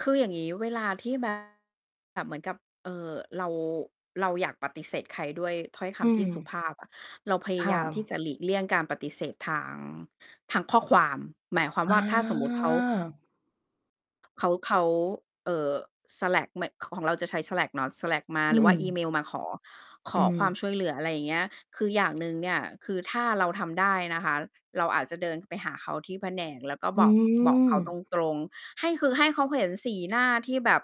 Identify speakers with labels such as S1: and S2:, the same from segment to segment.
S1: คืออย่างงี้ เวลาที่ แบบ แบบเหมือนกับ เอ่อ เรา เราอยากปฏิเสธใครด้วยถ้อยค
S2: อื
S1: ำที่สุ
S2: ม
S1: ภาพอะ เราพย
S2: ค
S1: าย
S2: ่
S1: ามที่
S2: ะ
S1: จะหลีกเลี่ยงการปฏิเสธทาง ทางข้อความ หมายความ
S2: อ
S1: ว่
S2: า
S1: า ถ้าสมมุติเขา เขา เขา เอ่อ Slack ไม่ ของเราจะใช้ Slack เนาะ Slack มา
S2: อ
S1: หรื
S2: ื
S1: อว่าอีเ
S2: ม
S1: มลมาขอ ข
S2: อื
S1: อความ
S2: ม
S1: ช่วยเหลือ อะไรอย่างเงี้ย คืออย่างหนึ่งเนี่ย คือถ้าเราทำได้นะคะ เราอาจจะเดินไปหาเขาที่แผนก แล้วก็
S2: อื
S1: บอก บอกเขาต
S2: ม
S1: รง ๆ ให้ คือให้เขาเห็นสีหน้าที่แบบ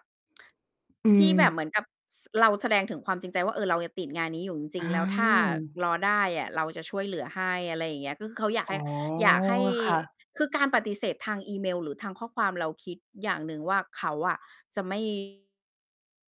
S2: อื
S1: ที่แบบเห
S2: ม
S1: มือนกับ ส เราแสดงถึงความจริงใจว่า เออ เรายังติดงานนี้อยู่จริ
S2: อ
S1: ง ๆ แล้วถ้า
S2: า
S1: รอได้อะ เราจะช่วยเหลือให้ อะไรอย่างเงี้ย ก็คือเขาอยาก
S2: อ๋
S1: ให้
S2: อ
S1: อยากให้
S2: ค่ะ
S1: คือการปฏิเสธทางอีเมล หรือทางข้อความ เราคิดอย่างหนึ่งว่า เขาอะจะ ไม่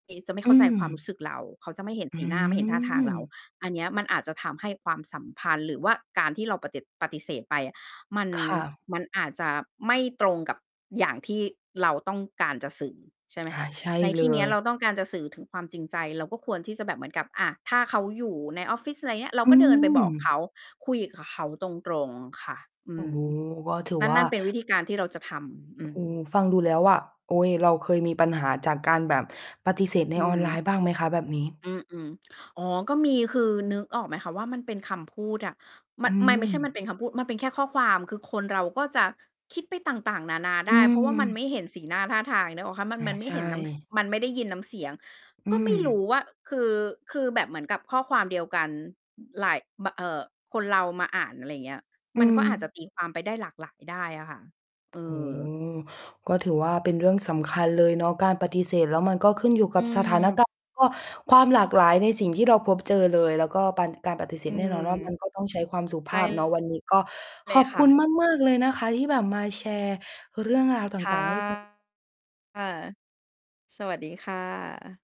S1: นี้ จะไม่
S2: อ
S1: เ
S2: ื
S1: ข้าใจความร
S2: ม
S1: ู้สึกเรา เขาจะไม่เห็น
S2: อ
S1: ส
S2: ื
S1: ีหน้า ไม่เห็นท่าทางเรา
S2: ม
S1: อันเนี้ยมันอาจจะทำให้ความสัมพันธ์ หรือว่าการที่เราปฏิ ปฏิเสธไปอะ มัน
S2: ค่ะ
S1: มันอาจจะไม่ตรงกับอย่างที่เราต้องการจะสื่อ ใช่ไหม
S2: อ
S1: ค
S2: า
S1: ะ?
S2: ใช่
S1: ใน
S2: เ
S1: ท
S2: ล
S1: ี่นี้อ
S2: ย
S1: ะเราต้องการจะสื่อถึงความจริงใจ เราก็ควรที่จะแบบเหมือนกับ อะ ถ้าเขาอยู่ในออฟฟิศ อะไรเงี้ย เรา
S2: อื
S1: ก็เดินไปบอกเข
S2: ม
S1: า คุยกับเขาตรง ๆ ค่ะ อื
S2: โอ้
S1: ม
S2: โฮ ก็ถือ
S1: นั่
S2: ว
S1: น
S2: ่
S1: น
S2: า
S1: ั่นเป็นวิธีการที่เราจะทำ อ
S2: โอ
S1: ื
S2: ้
S1: ม
S2: โฮ ฟังดูแล้วว่า โอ๊ย เราเคยมีปัญหาจากการแบบปฏิเสธใ
S1: อ
S2: น
S1: ื
S2: ออนไลน
S1: ม
S2: ์บ้างไหมคะแบบนี้?
S1: อือ อืม อ๋อ ก็มี คือ นึกออกไหมคะว่า มันเป็นคำพูดอะ? ม
S2: อื
S1: ไม่ ไม่ใช่มั
S2: ม
S1: นเป็นคำพูด มันเป็นแค่ข้อความ คือคนเราก็จะคิดไปต่าง ๆ นานาไ
S2: อื
S1: ด้ เพราะว่ามันไม
S2: อ
S1: ่เห็นสีหน้าท่าทาง นึกออกคะ มัน
S2: อา
S1: มันไม
S2: ใ
S1: ่
S2: ช
S1: เห็นน้ำ ส
S2: ่
S1: มันไม่ได้ยินน้ำเสียง
S2: อื
S1: ก็ไม่รู้
S2: ม
S1: ว่า คือ คือแบบเหมือนกับข้อความเดียวกัน อ หลาย บ เอ่อ คนเรามาอ่าน อะไรเงี้ย
S2: อื
S1: มันก็อาจจะ
S2: อ
S1: ตี ความไปได้หลากหลายได้อะค่ะ เอ
S2: โอ้โ
S1: อ
S2: ฮ ก็ถือว่าเป็นเรื่องสำคัญเลยเนาะ การปฏิเสธแล้วมันก็ขึ้นอยู่
S1: อ
S2: ก
S1: ื
S2: ับสถาน
S1: อ
S2: การณ์ แล้ว ก็ความหลากหลายในสิ่งที่เราพบเจอเลย แล้วก็ปัญ การปฏิเส
S1: อื
S2: ธแน่น
S1: ม
S2: อนว่า มันก็ต้อง ใช้ความสุ
S1: ใ
S2: ภ
S1: ช่
S2: าพเนาะ วันนี้ก็
S1: เล
S2: ข
S1: ย
S2: อบ
S1: ค
S2: ค
S1: ่
S2: ุณ
S1: ะ
S2: มาก ๆ เลยนะคะ ที่แบบมาแชร์เรื่องราวต
S1: ค่ะ
S2: ่าง ๆ ให้ ฟัง
S1: ค่ะ สวัสดีค่ะ